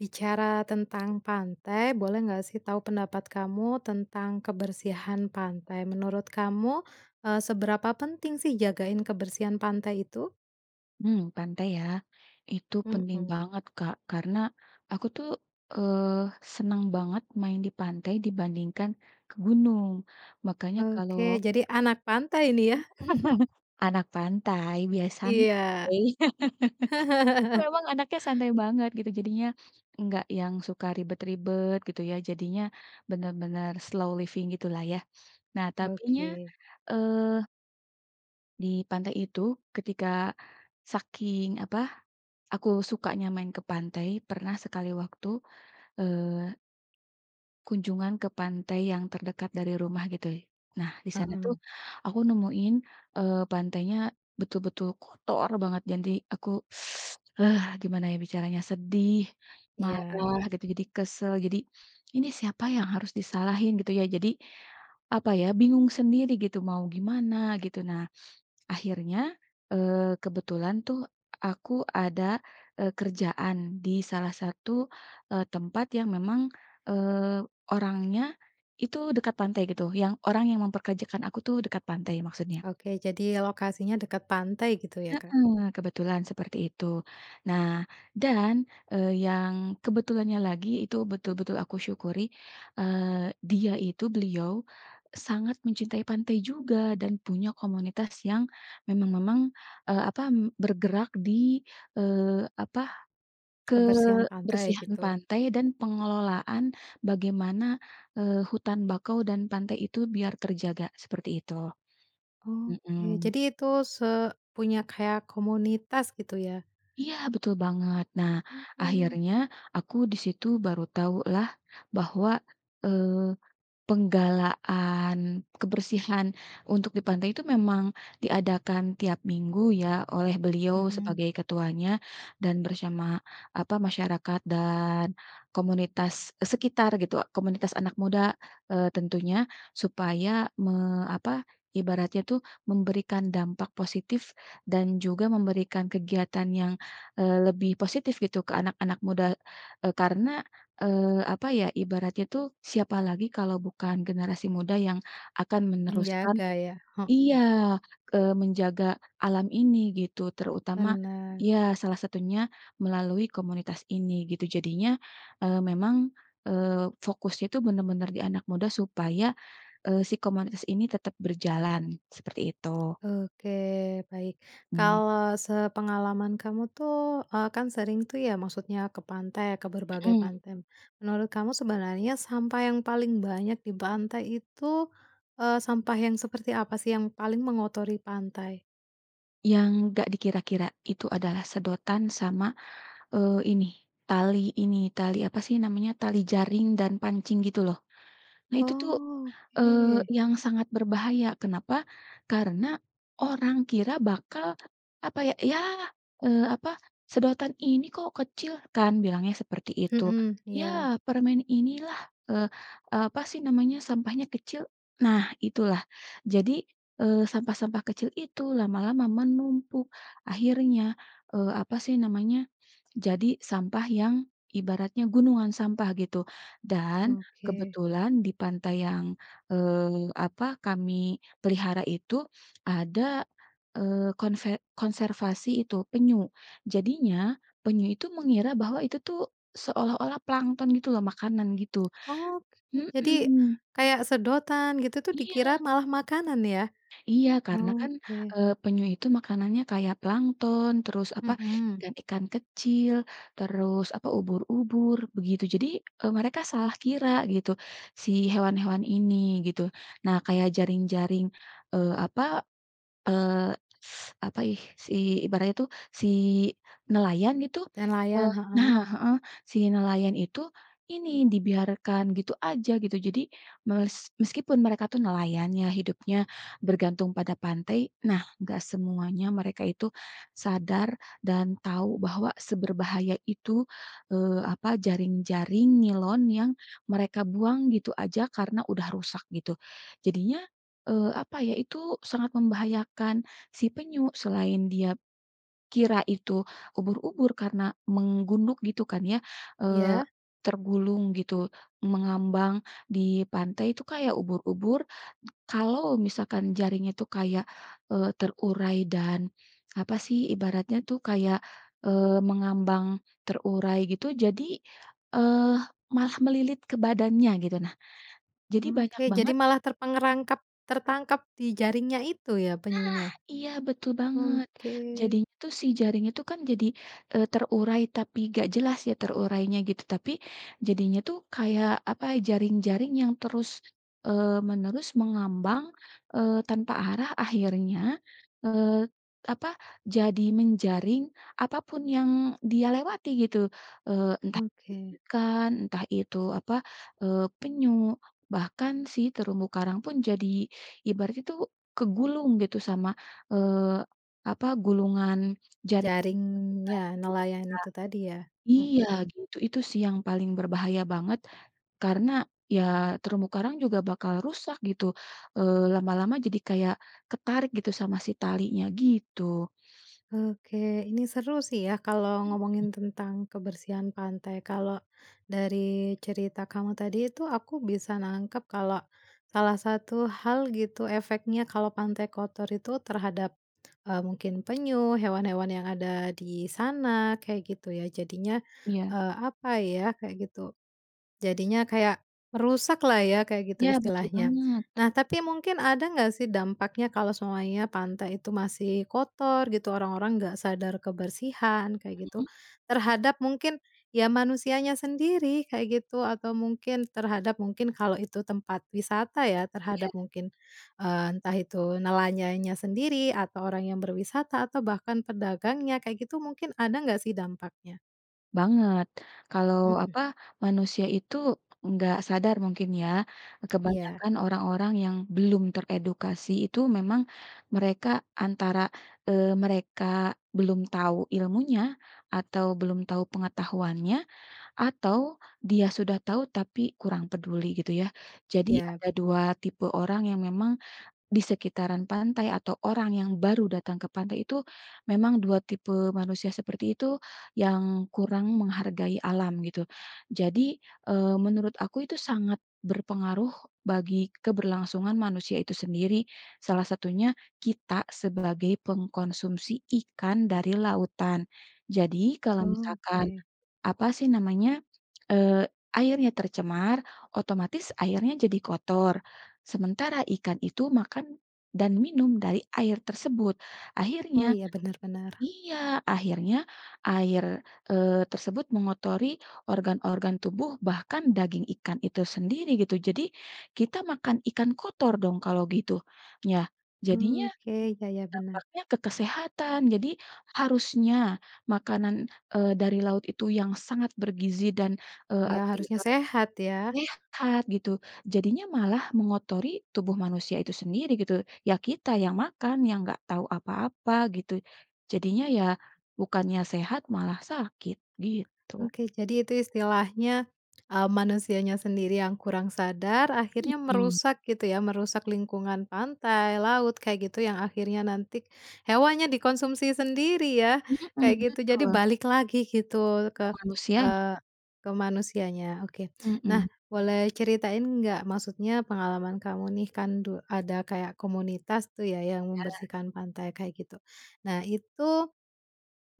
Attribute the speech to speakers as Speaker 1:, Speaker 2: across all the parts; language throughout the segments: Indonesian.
Speaker 1: Bicara tentang pantai boleh nggak sih tahu pendapat kamu tentang kebersihan pantai menurut kamu, eee, seberapa penting sih jagain kebersihan pantai itu?
Speaker 2: Mmm, pantai ya, itu penting
Speaker 1: Mhm.
Speaker 2: banget Kak karena aku tuh, eee, senang banget main di pantai dibandingkan ke gunung. Makanya kalau
Speaker 1: Oke, jadi anak pantai ini ya.
Speaker 2: Anak pantai biar
Speaker 1: Iya.
Speaker 2: santai. Memang anaknya santai banget gitu jadinya, enggak yang suka ribet-ribet gitu ya jadinya, bener-bener slow living gitu lah ya. Nah, tapinya,
Speaker 1: Oke.
Speaker 2: eee di pantai itu ketika, saking apa? Aku sukanya main ke pantai pernah sekali waktu, eee kunjungan ke pantai yang terdekat dari rumah gitu. Nah, di sana
Speaker 1: Heeh.
Speaker 2: tuh, aku nemuin, eee, pantainya betul-betul kotor banget jadi aku, eee, gimana ya bicaranya sedih,
Speaker 1: Iya.
Speaker 2: marah gitu jadi kesal, jadi, ini siapa yang harus disalahin gitu ya jadi, apa ya bingung sendiri gitu mau gimana gitu. Nah, akhirnya, eee, kebetulan tuh aku ada, eee, kerjaan di salah satu, eee, tempat yang memang, eee, orangnya, itu dekat pantai gitu yang orang yang mempekerjakan aku itu dekat pantai maksudnya.
Speaker 1: Oke, jadi lokasinya dekat pantai gitu ya Kak.
Speaker 2: Heeh, kebetulan seperti itu. Nah, dan, eee, yang kebetulannya lagi itu betul-betul aku syukuri, eee, dia itu beliau, sangat mencintai pantai juga dan punya komunitas yang, memang-memang, eee, apa bergerak di, eee, apa,
Speaker 1: Kebersihan pantai
Speaker 2: kebersihan
Speaker 1: gitu.
Speaker 2: pantai dan pengelolaan bagaimana, eee, hutan bakau dan pantai itu biar terjaga seperti itu.
Speaker 1: Oke,
Speaker 2: Mhm.
Speaker 1: jadi itu se punya kayak komunitas gitu ya.
Speaker 2: Iya, betul banget. Nah,
Speaker 1: Oke.
Speaker 2: akhirnya aku di situ baru tahu lah bahwa, eee, penggalaan kebersihan untuk di pantai itu memang diadakan tiap minggu ya oleh beliau
Speaker 1: Mhm.
Speaker 2: sebagai ketuanya dan bersama apa masyarakat dan komunitas, eee, sekitar gitu komunitas anak muda, eee, tentunya, supaya me apa ibaratnya tuh memberikan dampak positif, dan juga memberikan kegiatan yang, eee, lebih positif gitu ke anak-anak muda e karena, eee, apa ya? Ibaratnya itu siapa lagi kalau bukan generasi muda yang akan meneruskan
Speaker 1: Menjaga ya,
Speaker 2: iya,
Speaker 1: heeh.
Speaker 2: eee, menjaga alam ini gitu terutama
Speaker 1: Benar.
Speaker 2: iya, salah satunya melalui komunitas ini gitu. Jadinya, eee, memang, eee, fokusnya itu bener-bener di anak muda supaya, eee, si komunitas ini tetap berjalan seperti itu.
Speaker 1: Oke, baik,
Speaker 2: Mmm.
Speaker 1: kalau sepengalaman kamu tuh, eee, kan sering tuh ya maksudnya ke pantai ke berbagai
Speaker 2: Mhm.
Speaker 1: pantai, menurut kamu sebenernya sampah yang paling banyak di pantai itu, eee, sampah yang seperti apa sih yang paling mengotori pantai?
Speaker 2: Yang enggak dikira-kira itu adalah sedotan sama, eee, ini, tali ini, tali apa sih namanya, tali jaring dan pancing gitu loh. Nah itu tuh, eee,
Speaker 1: Oke.
Speaker 2: yang sangat berbahaya, kenapa? Karena orang kira bakal apa ya, ya, eee, apa, "Sedotan ini kok kecil?" Kan bilangnya seperti itu.
Speaker 1: Mhm, iya.
Speaker 2: "Yah, permen inilah" eee eee, apa sih namanya, sampahnya kecil, nah itulah. Jadi, eee, sampah-sampah kecil itu lama-lama menumpuk akhirnya, eee, apa sih namanya, jadi sampah yang ibaratnya gunungan sampah gitu. Dan,
Speaker 1: Oke.
Speaker 2: kebetulan di pantai yang, eee, apa, kami pelihara itu ada, eee, konve konservasi itu, penyu. Jadinya penyu itu mengira bahwa itu tuh seolah-olah plankton gitu loh, makanan gitu,
Speaker 1: Oke, jadi,
Speaker 2: mhm.
Speaker 1: kayak sedotan gitu itu dikira
Speaker 2: Iya.
Speaker 1: malah makanan ya?
Speaker 2: Iya karena kan,
Speaker 1: Oke.
Speaker 2: eee, penyu itu makanannya kayak plankton, terus apa,
Speaker 1: Mhm.
Speaker 2: ikan-ikan kecil, terus apa, ubur-ubur, begitu jadi, eee, mereka salah kira gitu, si hewan-hewan ini, gitu. Nah kayak jaring-jaring, eee, apa, eee, apa ih, si ibaratnya tuh, si nelayan itu,
Speaker 1: Nelayan,
Speaker 2: eee nah,
Speaker 1: heeh.
Speaker 2: heeh, si nelayan itu ini, dibiarkan gitu aja, gitu. Jadi mes meskipun mereka tuh nelayan ya, hidupnya bergantung pada pantai, nah nggak semuanya mereka itu sadar dan tahu bahwa seberbahaya itu, eee, apa, jaring-jaring nilon yang mereka buang gitu aja karena udah rusak, gitu. Jadinya, eee, apa ya, itu sangat membahayakan si penyu, selain dia kira itu ubur-ubur karena menggunduk gitu kan ya, eee,
Speaker 1: Iya.
Speaker 2: tergulung gitu, mengambang di pantai itu kayak ubur-ubur, kalau misalkan jaringnya itu kayak, eee, terurai dan, apa sih, ibaratnya tuh kayak, eee, mengambang terurai gitu, jadi, eee, malah melilit ke badannya gitu, nah jadi banyak
Speaker 1: Oke, jadi
Speaker 2: banget
Speaker 1: malah terperangkap tertangkap di jaringnya itu ya,
Speaker 2: Nah
Speaker 1: penyunya?
Speaker 2: iya, betul banget,
Speaker 1: Oke.
Speaker 2: jadinya tuh si jaring itu kan jadi, eee, terurai tapi enggak jelas ya terurainya gitu, tapi jadinya tuh kayak, apa, jaring-jaring yang terus, eee, menerus mengambang, eee, tanpa arah akhirnya, eee, apa, jadi menjaring apa pun yang dia lewati gitu. Eee, entah itu
Speaker 1: Oke.
Speaker 2: ikan entah itu, apa, eee, penyu bahkan si terumbu karang pun jadi ibaratnya itu kegulung gitu sama, eee, apa gulungan jaring ketika itu ha
Speaker 1: Jaringnya nelayan tu tadi ya,
Speaker 2: iya
Speaker 1: mhm.
Speaker 2: gitu itu sih yang paling berbahaya banget, karena ya terumbu karang juga bakal rusak gitu, eee, lama-lama jadi kayak ketarik gitu sama si talinya, gitu.
Speaker 1: Oke, ini seru sih ya kalau
Speaker 2: Mhm.
Speaker 1: ngomongin tentang kebersihan pantai. Kalau dari cerita kamu tadi itu aku bisa nangkep kalau, salah satu hal gitu efeknya kalau pantai kotor itu terhadap, eee, mungkin penyu, hewan-hewan yang ada di sana, kayak gitu ya. Jadinya,
Speaker 2: Iya.
Speaker 1: eee, apa ya, kayak gitu. Jadinya kayak merusak lah ya, kayak gitu
Speaker 2: Iya betul
Speaker 1: istilahnya.
Speaker 2: banget.
Speaker 1: Nah tapi mungkin ada nggak sih dampaknya kalau semuanya pantai itu masih kotor gitu, orang-orang nggak sadar kebersihan kayak gitu,
Speaker 2: Mhm.
Speaker 1: terhadap mungkin, ya manusianya sendiri kayak gitu, atau mungkin terhadap mungkin kalau itu tempat wisata ya, terhadap
Speaker 2: Iya.
Speaker 1: mungkin, eee, entah itu nelayannya sendiri, atau orang yang berwisata atau bahkan pedagangnya kayak gitu mungkin ada nggak sih dampaknya?
Speaker 2: Banget, kalau
Speaker 1: Mhm.
Speaker 2: apa manusia itu enggak sadar mungkin ya,
Speaker 1: Iya.
Speaker 2: kebanyakan orang-orang yang belum teredukasi itu memang, mereka antara, eee, mereka belum tahu ilmunya, atau belum tahu pengetahuannya, atau dia sudah tahu tapi kurang peduli gitu ya. Jadi
Speaker 1: Iya.
Speaker 2: ada 2 tipe orang yang memang, di sekitaran pantai atau orang yang baru datang ke pantai itu, memang 2 tipe manusia seperti itu, yang kurang menghargai alam gitu. Jadi, eee, menurut aku itu sangat berpengaruh bagi keberlangsungan manusia itu sendiri, salah satunya kita sebagai pengkonsumsi ikan dari lautan. Jadi kalau misalkan,
Speaker 1: Oke.
Speaker 2: apa sih namanya, eee, airnya tercemar, otomatis airnya jadi kotor, sementara ikan itu makan, dan minum dari air tersebut.
Speaker 1: Oh,
Speaker 2: Akhirnya
Speaker 1: iya, bener bener.
Speaker 2: iya, akhirnya air, eee, tersebut mengotori organ-organ tubuh bahkan daging ikan itu sendiri gitu. Jadi, kita makan ikan kotor dong kalau gitu, ya. Jadinya,
Speaker 1: Oke, iya iya, benar.
Speaker 2: dampaknya ke kesehatan jadi harusnya makanan, eee, dari laut itu yang sangat bergizi dan, eee, apa,
Speaker 1: Ya,
Speaker 2: jadi
Speaker 1: harusnya
Speaker 2: makanan
Speaker 1: sehat ya.
Speaker 2: sehat gitu jadinya malah mengotori tubuh manusia itu sendiri gitu, ya, kita yang makan yang nggak tahu apa-apa gitu. Jadinya ya, bukannya sehat malah sakit gitu.
Speaker 1: Oke, jadi itu istilahnya, mmm, manusianya sendiri yang kurang sadar akhirnya
Speaker 2: Mhm.
Speaker 1: merusak gitu ya merusak lingkungan pantai, laut, kayak gitu yang akhirnya nanti, hewannya dikonsumsi sendiri ya,
Speaker 2: Mhm,
Speaker 1: kayak gitu jadi
Speaker 2: betul.
Speaker 1: balik lagi gitu
Speaker 2: Ke
Speaker 1: ke
Speaker 2: manusianya.
Speaker 1: eee, ke manusianya, oke. Nah,
Speaker 2: Mhm.
Speaker 1: boleh ceritain enggak maksudnya pengalaman kamu nih kan du ada kayak komunitas itu ya yang
Speaker 2: Ada.
Speaker 1: membersihkan pantai kayak gitu, nah itu,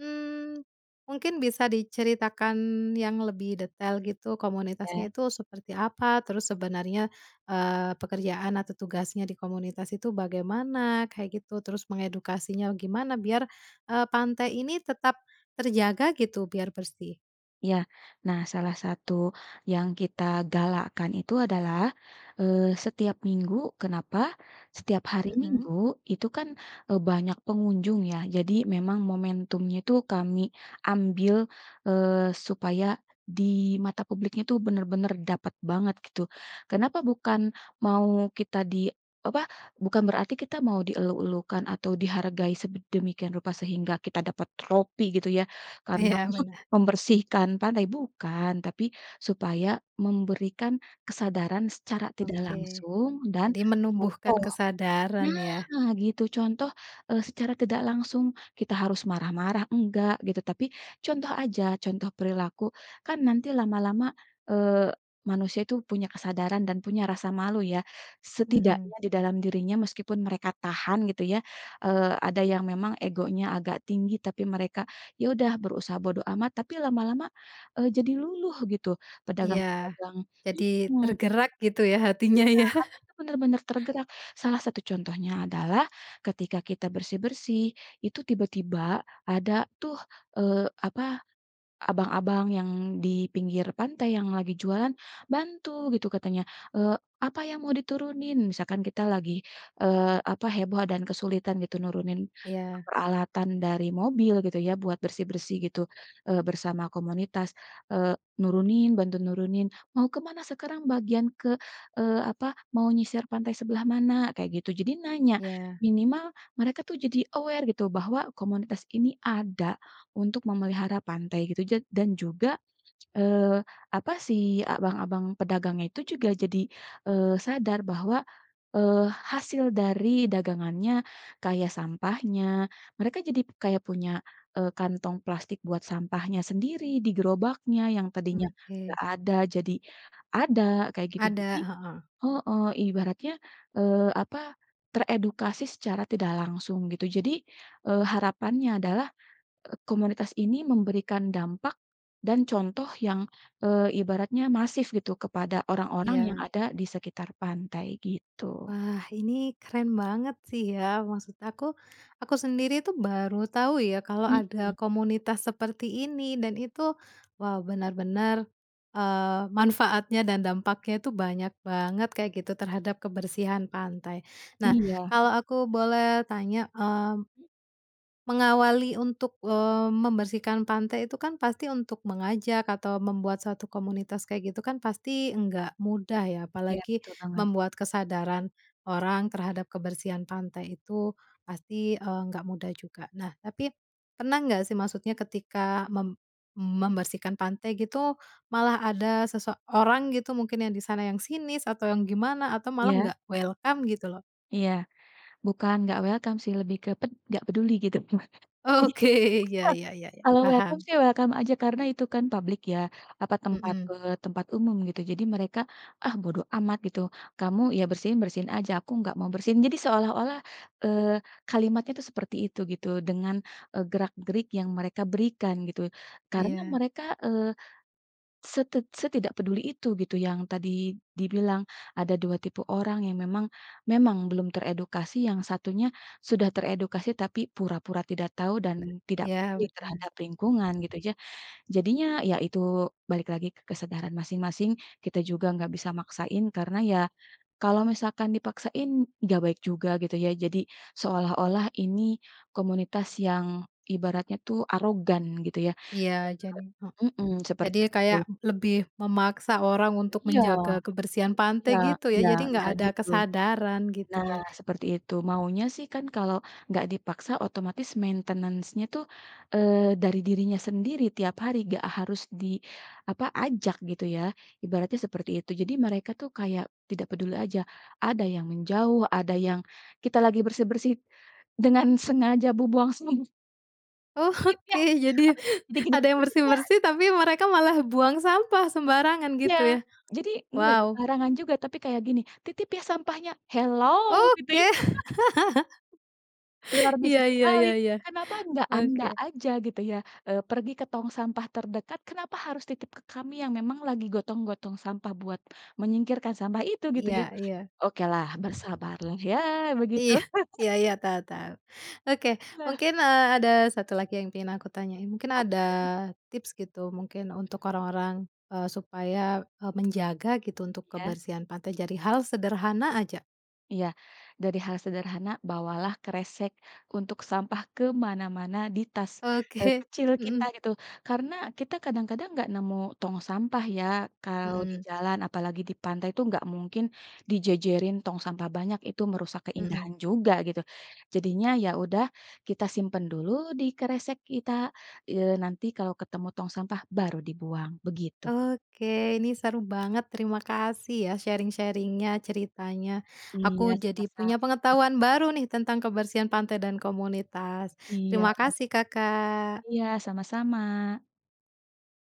Speaker 1: mmm, mungkin bisa diceritakan yang lebih detail gitu
Speaker 2: Ya.
Speaker 1: komunitasnya itu seperti apa? Terus sebenarnya, eee, pekerjaan atau tugasnya di komunitas itu bagaimana kayak gitu terus mengedukasinya gimana biar, eee, pantai ini tetap, terjaga gitu biar bersih?
Speaker 2: Ya, nah, salah satu yang kita galakan itu adalah, eee, setiap minggu kenapa? Setiap hari
Speaker 1: Mhm.
Speaker 2: Minggu itu kan, eee, banyak pengunjung ya jadi memang momentumnya itu kami ambil, eee, supaya, di mata publiknya itu benar-benar dapat banget gitu. Kenapa bukan mau kita di apa bukan berarti kita mau dieluk-elukan atau dihargai sedemikian rupa sehingga kita dapat tropi gitu ya, karena
Speaker 1: Iya, bener.
Speaker 2: membersihkan pantai, bukan, tapi supaya memberikan kesadaran secara tidak
Speaker 1: Oke,
Speaker 2: langsung dan,
Speaker 1: jadi menumbuhkan
Speaker 2: contoh
Speaker 1: kesadaran ya.
Speaker 2: nah, gitu, contoh, eee, secara tidak langsung kita harus marah-marah enggak gitu tapi contoh aja contoh perilaku kan nanti lama-lama, eee, manusia itu punya kesadaran dan punya rasa malu ya,
Speaker 1: Mhm.
Speaker 2: setidaknya di dalam dirinya meskipun mereka tahan gitu ya, eee, ada yang memang egonya agak tinggi tapi mereka ya udah berusaha bodo amat tapi lama-lama, eee, jadi luluh gitu
Speaker 1: Iya,
Speaker 2: pedagang-pedagang
Speaker 1: jadi
Speaker 2: mhm.
Speaker 1: tergerak gitu ya hatinya
Speaker 2: Iya,
Speaker 1: ya.
Speaker 2: benar-benar tergerak salah satu contohnya adalah, ketika kita bersih-bersih itu tiba-tiba ada tuh, eee, apa, abang-abang yang di pinggir pantai yang lagi jualan, bantu gitu katanya, eee, "Apa yang mau diturunin?" Misalkan kita lagi, eee, apa heboh dan kesulitan gitu nurunin
Speaker 1: Iya.
Speaker 2: peralatan dari mobil gitu ya buat bersih-bersih gitu, eee, bersama komunitas, eee, nurunin bantu nurunin, "Mau ke mana sekarang bagian ke, eee apa, mau nyisir pantai sebelah mana?" Kayak gitu jadi nanya,
Speaker 1: Iya.
Speaker 2: minimal mereka tuh jadi aware gitu bahwa komunitas ini ada, untuk memelihara pantai gitu ja dan juga, eee, apa si abang-abang pedagangnya itu juga jadi, eee, sadar bahwa, eee, hasil dari dagangannya, kayak sampahnya, mereka jadi kayak punya, eee, kantong plastik buat sampahnya sendiri di gerobaknya yang tadinya
Speaker 1: Oke.
Speaker 2: enggak ada jadi ada kayak gitu.
Speaker 1: Ada,
Speaker 2: Jadi
Speaker 1: heeh.
Speaker 2: heeh, ibaratnya, eee, apa, teredukasi secara tidak langsung gitu. Jadi, eee, harapannya adalah, komunitas ini memberikan dampak, dan contoh yang, eee, ibaratnya masif gitu kepada orang-orang yang
Speaker 1: Iya.
Speaker 2: ada di sekitar pantai gitu.
Speaker 1: Wah, ini keren banget sih ya maksud aku, aku sendiri itu baru tahu ya kalau ada
Speaker 2: Mhm.
Speaker 1: komunitas seperti ini dan itu wow bener-bener, eee, manfaatnya dan dampaknya itu banyak banget kayak gitu terhadap kebersihan pantai. Nah,
Speaker 2: Iya.
Speaker 1: kalau aku boleh tanya, mmm, mengawali untuk, eee, membersihkan pantai itu kan pasti untuk mengajak atau membuat suatu komunitas kayak gitu kan pasti nggak mudah ya
Speaker 2: Iya,
Speaker 1: apalagi,
Speaker 2: betul banget.
Speaker 1: membuat kesadaran, orang terhadap kebersihan pantai itu, pasti, eee, nggak mudah juga. Nah, tapi pernah nggak sih maksudnya ketika mem membersihkan pantai gitu, malah ada seseorang gitu mungkin yang di sana yang sinis atau yang gimana atau malah
Speaker 2: Iya.
Speaker 1: nggak welcome gitu loh.
Speaker 2: Iya, bukan nggak welcome sih, lebih ke ped enggak peduli gitu. Jadi,
Speaker 1: Oke. Ya ya ya ya,
Speaker 2: kalau welcome
Speaker 1: paham.
Speaker 2: sih welcome aja, karena itu kan public ya, apa tempat,
Speaker 1: Hmm.
Speaker 2: eee, tempat umum gitu. Jadi mereka, ah, bodo amat gitu, kamu, ya bersihin, bersihin aja, aku enggak mau bersihin. Jadi seolah-olah, eee, kalimatnya itu seperti itu gitu, dengan, e gerak-gerik yang mereka berikan gitu. Karena
Speaker 1: Iya.
Speaker 2: mereka, eee, setid setidak peduli itu, gitu, yang tadi, dibilang, ada 2 tipe orang yang memang memang belum teredukasi, yang satunya, sudah teredukasi tapi pura-pura tidak tahu, dan, tidak
Speaker 1: Iya,
Speaker 2: peduli
Speaker 1: benar.
Speaker 2: terhadap lingkungan, gitu ya. Jadinya, ya itu, balik lagi ke kesadaran masing-masing, kita juga enggak bisa maksain, karena ya, kalau misalkan dipaksain, enggak baik juga, gitu ya. Jadi, seolah-olah ini, komunitas yang, ibaratnya tuh arogan, gitu ya.
Speaker 1: Iya, jadi, hek
Speaker 2: Eee hmm, seperti
Speaker 1: jadi kayak,
Speaker 2: itu.
Speaker 1: lebih, memaksa orang untuk
Speaker 2: Iya,
Speaker 1: menjaga kebersihan pantai,
Speaker 2: iya
Speaker 1: gitu ya.
Speaker 2: iya,
Speaker 1: Jadi nggak
Speaker 2: nggak
Speaker 1: ada
Speaker 2: gitu.
Speaker 1: kesadaran gitu
Speaker 2: Nah,
Speaker 1: ya?
Speaker 2: seperti itu, maunya sih kan kalau, nggak dipaksa, otomatis maintenance-nya tuh, eee, dari dirinya sendiri tiap hari, nggak harus di, apa, ajak gitu ya, ibaratnya seperti itu. Jadi mereka tuh kayak, tidak peduli aja. Ada yang menjauh, ada yang kita lagi bersih-bersih, dengan sengaja bu buang sam
Speaker 1: Oh,
Speaker 2: Titip
Speaker 1: oke,
Speaker 2: ya,
Speaker 1: jadi
Speaker 2: abe jadi gini,
Speaker 1: ada yang
Speaker 2: titip ya.
Speaker 1: bersih-bersih, tapi mereka malah buang sampah sembarangan
Speaker 2: Iya,
Speaker 1: gitu ya,
Speaker 2: jadi enggak
Speaker 1: wow.
Speaker 2: sembarangan juga. Tapi kayak gini, titip ya sampahnya, hello? Gitu.
Speaker 1: Oke.
Speaker 2: Luar
Speaker 1: Iya
Speaker 2: biasa
Speaker 1: iya
Speaker 2: sekali,
Speaker 1: iya iya,
Speaker 2: kenapa enggak anda
Speaker 1: oke.
Speaker 2: aja gitu ya, eee, pergi ke tong sampah terdekat. Kenapa harus titip ke kami yang memang lagi gotong-gotong sampah buat menyingkirkan sampah itu, gitu
Speaker 1: Iya
Speaker 2: ya.
Speaker 1: iya.
Speaker 2: Oke lah bersabarlah, ya, begitu.
Speaker 1: Iya iya iya, tau tau. Oke,
Speaker 2: Lah.
Speaker 1: mungkin, eee, ada 1 lagi yang pengen aku tanyain. Mungkin ada
Speaker 2: Apapun.
Speaker 1: tips gitu mungkin, untuk orang-orang, eee, supaya, e menjaga gitu untuk
Speaker 2: Iya.
Speaker 1: kebersihan pantai jadi hal sederhana aja.
Speaker 2: Iya, dari hal sederhana, bawalah kresek untuk sampah ke mana-mana di tas, eee,
Speaker 1: Oke,
Speaker 2: kecil kita
Speaker 1: mhm.
Speaker 2: gitu. Karena kita kadang-kadang nggak nemu tong sampah ya kalau di
Speaker 1: Mhm.
Speaker 2: jalan, apalagi di pantai itu nggak mungkin dijejerin tong sampah banyak, itu merusak
Speaker 1: Mhm.
Speaker 2: keindahan juga gitu. Jadinya, ya udah kita simpan dulu di kresek kita, eee, nanti kalau ketemu tong sampah, baru dibuang, begitu.
Speaker 1: Oke, ini seru banget, terima kasih ya sharing-sharing-nya ceritanya.
Speaker 2: Iya,
Speaker 1: Aku jadi
Speaker 2: sama-sama.
Speaker 1: punya pengetahuan baru nih tentang kebersihan pantai dan komunitas.
Speaker 2: Iya.
Speaker 1: Terima kasih Kakak.
Speaker 2: Iya, sama-sama.